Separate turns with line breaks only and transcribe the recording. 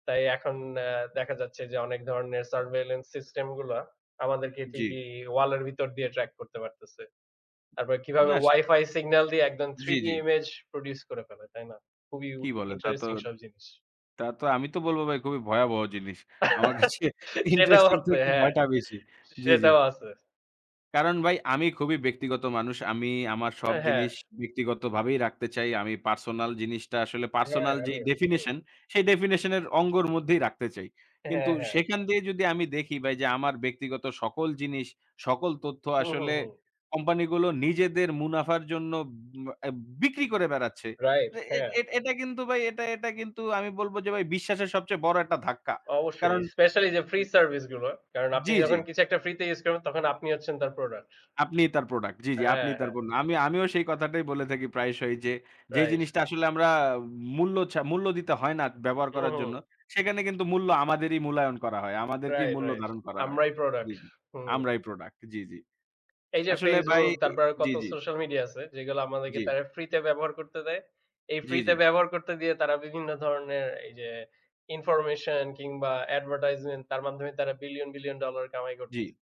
তাই এখন অ্যা দেখা যাচ্ছে যে, অনেক ধরনের surveillance system গুলা আমাদেরকে
জি।
ঠিকই ওয়াল এর ভিতর দিয়ে ট্র্যাক করতে পারতেছে। তারপরে কিভাবে
না সারা
Wi-Fi signal দিয়ে একদম
জি,
3D
জি।
image produce করে ফেলে, তাই না? খুবই উ
কী বলেন? তা তো,
interesting সব জিনিস।
তা তো আমি তো বলব ভাই খুবই ভয়াবহ জিনিস। আমার কাছে
সেটাও
interesting
হচ্ছে
থেকে
হ্যাঁ।
ভয়টা বেশি। জি, জি।
সেটাও আছে।
কারণ ভাই আমি খুবই ব্যক্তিগত মানুষ। আমি আমার সব
অ্যা হ্যাঁ।
জিনিস ব্যক্তিগতভাবেই রাখতে চাই। আমি personal জিনিসটা আসলে
হ্যাঁ,
personal যে,
আমিও হুম।
definition সেই definition এর অঙ্গের মধ্যেই রাখতে চাই। কিন্তু
হ্যাঁ, হ্যাঁ।
সেখান দিয়ে যদি আমি দেখি ভাই, যে, আমার ব্যক্তিগত সকল জিনিস, সকল তথ্য
হু, হু,
আসলে
হুম।
কোম্পানিগুলো নিজেদের মুনাফার জন্য উম অ্যা বিক্রি করে বেড়াচ্ছে।
রাইট
তা
হ্যাঁ।
এ এটা কিন্তু ভাই এটা এটা কিন্তু আমি বলব যে, ভাই বিশ্বাসের সবচেয়ে বড় একটা ধাক্কা।
অবশ্যই।
কারণ
Specially যে, free
হুম।
service গুলো। কারণ আপনি
জি, জি।
যখন কিছু একটা ফ্রি তে ইউস করবেন তখন আপনিই হচ্ছেন তার প্রোডাক্ট।
আপনিই তার প্রোডাক্ট। জি, জি,
হ্যাঁ,
আপনিই তার
হ্যাঁ।
পণ্য। আমি, আমিও সেই কথাটাই বলে থাকি প্রায়শই যে, যে,
রাইট।
জিনিসটা আসলে আমরা মূল্য ছা মূল্য দিতে হয় না ব্যবহার
হু,
করার জন্য।
হুম।
সেখানে কিন্তু মূল্য আমাদেরই মূল্যায়ন করা হয়। আমাদেরকেই
রাইট,
মূল্য
রাইট।
ধারণ করা হয়।
আমরাই
জি,
প্রোডাক্ট।
জি।
হুম।
আমরাই প্রোডাক্ট জি, জি।
এই যে,
আসলে ভাই
Facebook তারপরে
জি,
কত
জি।
সোশাল মিডিয়া আছে যেগুলো আমাদেরকে
জি।
তারা ফ্রি তে ব্যবহার করতে দেয়। এই
জি,
ফ্রি
জি।
তে ব্যবহার করতে দিয়ে তারা বিভিন্ন ধরনের এই যে, information কিংবা advertisement তার মাধ্যমে তারা বিলিয়ন, বিলিয়ন ডলার কামাই
জি।
করতেছে।